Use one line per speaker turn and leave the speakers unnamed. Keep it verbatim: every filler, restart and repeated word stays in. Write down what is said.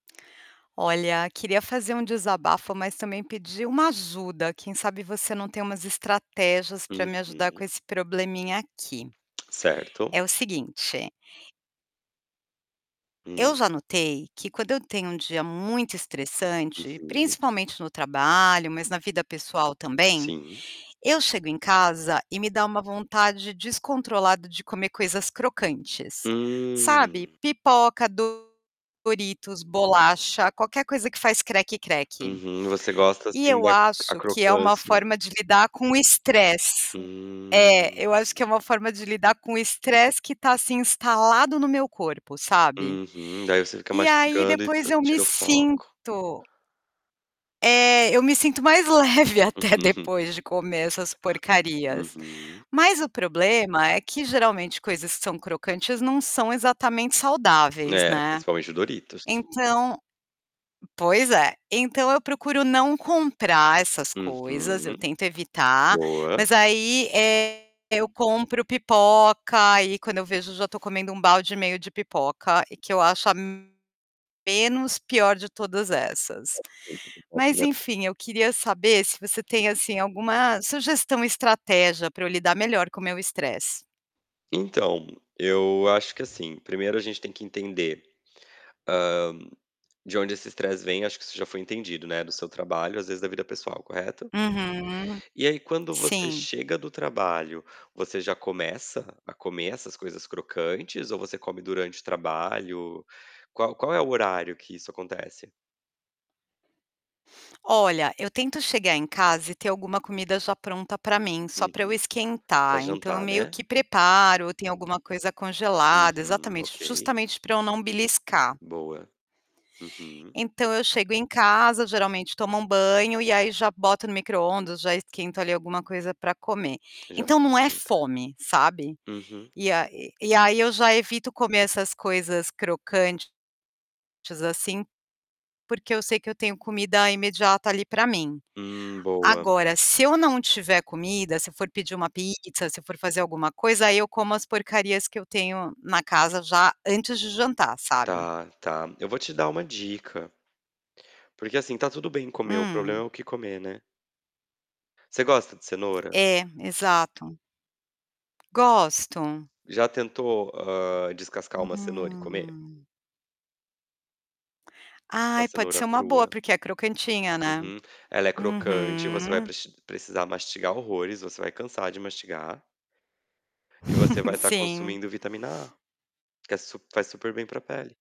Olha, queria fazer um desabafo, mas também pedir uma ajuda, quem sabe você não tem umas estratégias para me ajudar
Uhum.
com esse probleminha aqui. É
Certo.
o seguinte Eu
Hum.
já notei que, quando eu tenho um dia muito estressante,
Uhum.
principalmente no trabalho, mas na vida pessoal também,
Sim.
eu chego em casa e me dá uma vontade descontrolada de comer coisas crocantes. Sabe?
Hum.
Pipoca, doritos, bolacha, qualquer coisa que faz "creque-creque".
Uhum. Você gosta
E
assim
eu
da a
acho que é uma
crocância.
forma de lidar com o estresse. É,
Hum.
eu acho que é uma forma de lidar com o estresse que está, assim, instalado no meu corpo, sabe.
Uhum. Daí você fica
E aí,
mastigando e,
depois
ah,
eu me
tira o foco.
sinto É, eu me sinto mais leve até depois de comer essas porcarias.
Uhum.
Mas o problema é que geralmente coisas que são crocantes, não são exatamente saudáveis,
É,
né.
principalmente o Doritos.
Então pois é, então eu procuro não comprar essas coisas, eu
Uhum.
tento evitar,
Boa.
mas aí, eh, eu compro pipoca, aí quando eu vejo eu já estou comendo um balde e meio de pipoca, que eu acho a, menos pior de todas essas. Mas,
[unintelligible]
enfim, eu queria saber se você tem assim alguma sugestão estratégia para eu lidar melhor com meu estresse.
Então, eu acho que assim, primeiro a gente tem que entender, hã, de onde esse estresse vem, acho que isso já foi entendido, né, do seu trabalho, às vezes da vida pessoal, correto?
Uhum.
E aí quando você
Sim.
chega do trabalho, você já começa a comer essas coisas crocantes, ou você come durante o trabalho? Qual qual é o horário que isso acontece?
Olha, eu tento chegar em casa e ter alguma comida já pronta para mim, só para eu
Uhum. Para
esquentar, então eu
jantar,
meio
né.
que preparo, tem alguma coisa congelada
Uhum.
exatamente,
Ok.
justamente para eu não beliscar
Boa. Uhum.
Então eu chego em casa, geralmente tomo um banho, e aí já boto no microondas, já esquento ali alguma coisa para comer.
Já
Então, não
pensou
é
não, tá.
fome, sabe.
Uhum.
E a e aí eu já evito comer essas coisas crocantes, assim, porque eu sei que eu tenho comida imediata ali para mim.
Hum, boa.
Agora se eu não tiver comida, se for pedir uma pizza, se for fazer alguma coisa, aí eu como as porcarias que eu tenho na casa já antes de jantar, sabe.
Tá, tá, eu vou te dar uma dica. Porque, assim, tá tudo bem comer, o problema é
Hum.
o que comer, né. Você gosta de cenoura?
É, exato. Gosto.
Já tentou, hã, descascar uma cenoura e comer?
Hum.
Uma
Ai pode
cenoura
ser uma boa,
crua.
porque é crocantinha, né.
Uhum. Ela é crocante, você vai
Uhum.
prex precisar mastigar horrores, você vai cansar de mastigar. E você vai estar
Sim.
consumindo vitamina A, que é super faz super bem para pele.